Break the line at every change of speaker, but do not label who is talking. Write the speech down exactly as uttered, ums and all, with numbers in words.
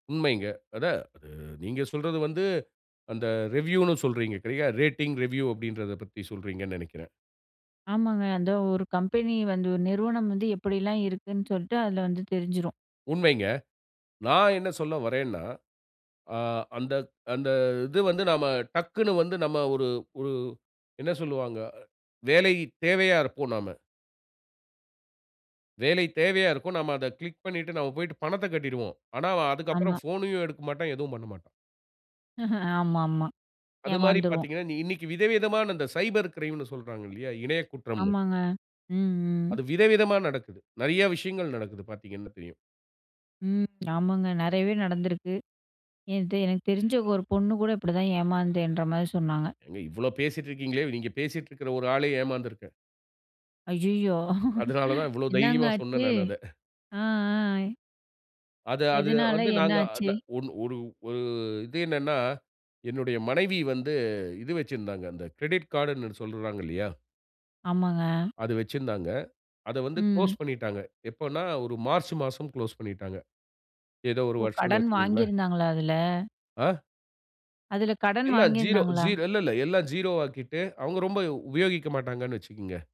உண்மைங்க. அதா, நீங்க சொல்றது வந்து அந்த ரிவ்யூன்னு சொல்றீங்க சரியா? ரேட்டிங், ரிவ்யூ அப்டின்றத பத்தி சொல்றீங்கன்னு நெனைக்கிறேன்.
ஆமாங்க அந்த ஒரு கம்பெனி வந்து, ஒரு நிறுவனம் வந்து எப்டிலாம் இருக்குன்னு சொல்லிட்டு அதில வந்து தெரிஞ்சிரும்.
உண்மைங்க. நான் என்ன சொல்ல வர்றேன்னா, ஆ அந்த அந்த இது வந்து நாம டக்குனு வந்து நம்ம ஒரு ஒரு என்ன சொல்வாங்க வேலைத் தேவையா இருப்போம் நாம. வேலை தேவையா இருக்கும். நாம அத கிளிக் பண்ணிவிட்டு நாம போய்ட்டு பணத்தைக் கட்டிருவோம். ஆனா அவன் அதுக்கு அப்புறம்
ஆமா.
போனயும் எடுக்க மாட்டான். எதுவும் பண்ணமாட்டான்.
ஆமா ஆமா,
அது மாரி
ஏமாந்துருவோம்.
பார்த்தீங்கன்னா, இன்னைக்கு விதவிதமான இந்த சைபர் கிரைம்ன்னு சொல்றாங்க இல்லையா? இணைய குற்றம்ன்னு.
ஆமாங்க. ம் ம்.
அது விதவிதமா நடக்குது. நெறைய விஷயங்கள் நடக்குது, பார்த்தீங்கன்னா தெரியும்.
ம். ஆமாங்க. நெறையவே நடந்திருக்கு. இது எனக்கு தெரிஞ்ச ஒரு பொண்ணு கூட இப்புடிதான் ஏமாந்தேன்ற மாரி சொன்னாங்க.
ஏங்க இவ்வளவு பேசிட்டிருக்கீங்களே. நீங்க பேசிட்டிருக்கிற ஒரு ஆளே ஏமாந்திருக்கேன்.
ஐயயோ!
அதனால தான், இவ்ளோ
என்னங்க
தைரியமா
ஆச்சு?
சொன்னேன் நான் அத.
ஆ ஆ.
அது அது
எதனால?
வந்து
என்ன
நாங்க
ஆச்சு?
நா ஒன் ஒரு இது என்னன்னா, என்னுடைய மனைவி வந்து இது வச்சிருந்தாங்க. அந்த கிரெடிட் கார்ட்ன்னு சொல்றாங்க இல்லையா?
ஆமாங்க.
அது வச்சிருந்தாங்க. அதை வந்து
ம்.
குளோஸ் பண்ணிட்டாங்க. எப்பன்னா, ஒரு மார்ச் மாசம் குளோஸ் பண்ணிட்டாங்க. ஏதோ ஒரு
ஓ
வருஷம்னு
கடன்
வச்சுக்கோங்களேன்.
வாங்கியிருந்தாங்களா, அதில?
ஆ.
அதில கடன்
எல்லாம் ஜீரோ ஜீ
வாங்கியிருந்தாங்களா?
இல்ல இல்ல எல்லாம் ஜீரோ ஆக்கிட்டு அவங்க ரொம்ப உபயோகிக்க மாட்டாங்கன்னு வச்சுக்குங்க.